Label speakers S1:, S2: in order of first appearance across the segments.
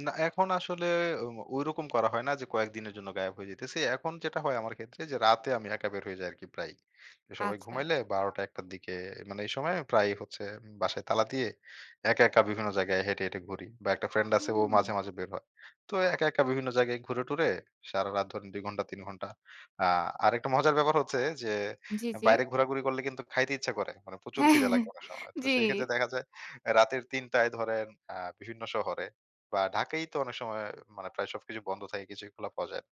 S1: না এখন আসলে ওই ম ঐরকম করা হয় না যে কয়েকদিনের জন্য গায়েব হয়ে যাইতেছি। এখন যেটা হয় আমার ক্ষেত্রে যে রাতে আমি একা বের হয়ে যাই আরকি প্রায়ই। সবাই
S2: আচ্ছা।
S1: ঘুমাইলে ১২ঃ০০ টা ১ঃ০০ টার দিকে মানে এই সময় প্রায়ই হচ্ছে উম বাসায় তালা দিয়ে। একা, একা বিভিন্ন জায়গায় হেঁটে, হেঁটে ঘুরি বা একটা ফ্রেন্ড আছে ও মাঝে,
S2: হু।
S1: মাঝে বের হয়। তো একা, একা বিভিন্ন জায়গায় ঘুরে-টুরে সারা রাত ধরেন ২ ঘন্টা ৩ ঘন্টা। আ আরেকটা মজার ব্যাপার হচ্ছে যে
S2: জি,
S1: অ্যা
S2: জি।
S1: বাইরে ঘোরাঘুরি করলে কিন্তু খাইতে ইচ্ছা করে। মানে প্রচুর খিদে
S2: হ্যাঁ,
S1: লাগবে অনেক সময়। তো
S2: জি।
S1: সেই ক্ষেত্রে দেখা যায় রাতের ৩ টায় ধরেন আ বিভিন্ন শহরে বা ঢাকাই তো অনেক সময় মানে প্রায় সবকিছু বন্ধ থাকে কিছুই খোলা পাওয়া যায় না।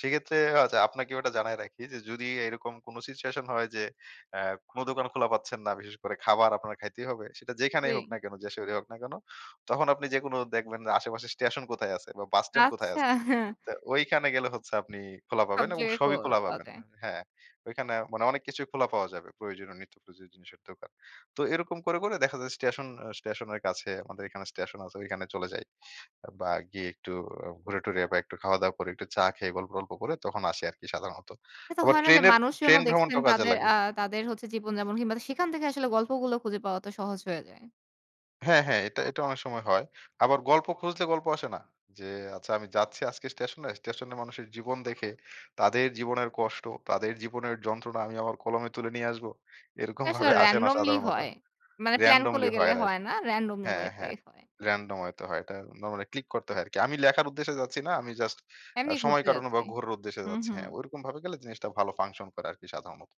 S1: সেক্ষেত্রে ও আচ্ছা আপনাকেও এটা জানায় রাখি, যে যদি এরকম কোন সিচুয়েশন হয় যে, আ কোন দোকান খোলা পাচ্ছেন না। বিশেষ করে খাবার আপনার খাইতেই হবে। সেটা যেখানেই হোক না
S2: জি।
S1: কেন যে শহরে হোক না কেন, তখন আপনি যেকোনো দেখবেন আশেপাশে স্টেশন কোথায় আছে বা বাস স্ট্যান্ড কোথায়
S2: আচ্ছা।
S1: আছে। তো ঐখানে গেলে হচ্ছে আপনি খোলা
S2: সব
S1: পাবেন এবং
S2: জায়গায় ক
S1: সবই খোলা
S2: পাওয়া
S1: পাবেন।
S2: যায়।
S1: হ্যাঁ। ঐখানে মানে অনেক কিছুই খোলা পাওয়া যাবে। প্রয়োজনীয় নিত্য প্রয়োজনীয় জিনিসের দোকান। তো এরকম করে, করে দেখা যায় স্টেশন, আ স্টেশনের কাছে আমাদের এখানে স্টেশন আছে ওইখানে চলে যাই। বা গিয়ে একটু ঘুরে-টুরে বা একটু খাওয়া-দাওয়া করে একটু চা খেয়ে গল্প টল্প করে তখন আসি আরকি সাধারণত।
S2: এ তো
S1: আবার
S2: হয় না যে
S1: ট্রেনের, ট্রেন
S2: মানুষজনও দেখছেন
S1: ভ্রমণটাও কাজে
S2: তাদের
S1: লাগে।
S2: আ তাদের হচ্ছে জীবনযাপন কিংবা সেখান থেকে আসলে গল্পগুলো খুঁজে পাওয়া তো সহজ হয়ে যায়।
S1: হ্যাঁ, হ্যাঁ এটা, এটা অনেক সময় হয়। আবার গল্প খুঁজলে গল্প আসে না। যে আচ্ছা আমি যাচ্ছি আজকে স্টেশনে, স্টেশনে মানুষের জীবন দেখে তাদের জীবনের কষ্ট, তাদের জীবনের যন্ত্রণা আমি আমার কলমে তুলে নিয়ে আসবো। এরকম
S2: এটা আসলে
S1: ভাবে আসে না
S2: randomly
S1: সাধারণত।
S2: হয়। মানে প্ল্যান করে
S1: randomly
S2: গেলে
S1: হয় রাইট,
S2: হয় না। randomly ওয়ে
S1: হ্যাঁ,
S2: তেই
S1: হ্যাঁ,
S2: হয়।
S1: random হয়ত হয় তো হয়। এটা নরমালি ক্লিক করতে হয় আরকি। আমি লেখার উদ্দেশ্যে যাচ্ছি না। আমি জাস্ট আ
S2: এমনি
S1: সময়
S2: ঘুরতে
S1: কাটানো বা
S2: যাচ্ছি।
S1: ঘোরার উদ্দেশ্যে যাচ্ছি।
S2: উহু।
S1: হ্যাঁ ওরকম ভাবে গেলে জিনিসটা ভালো function করে আরকি সাধারণত।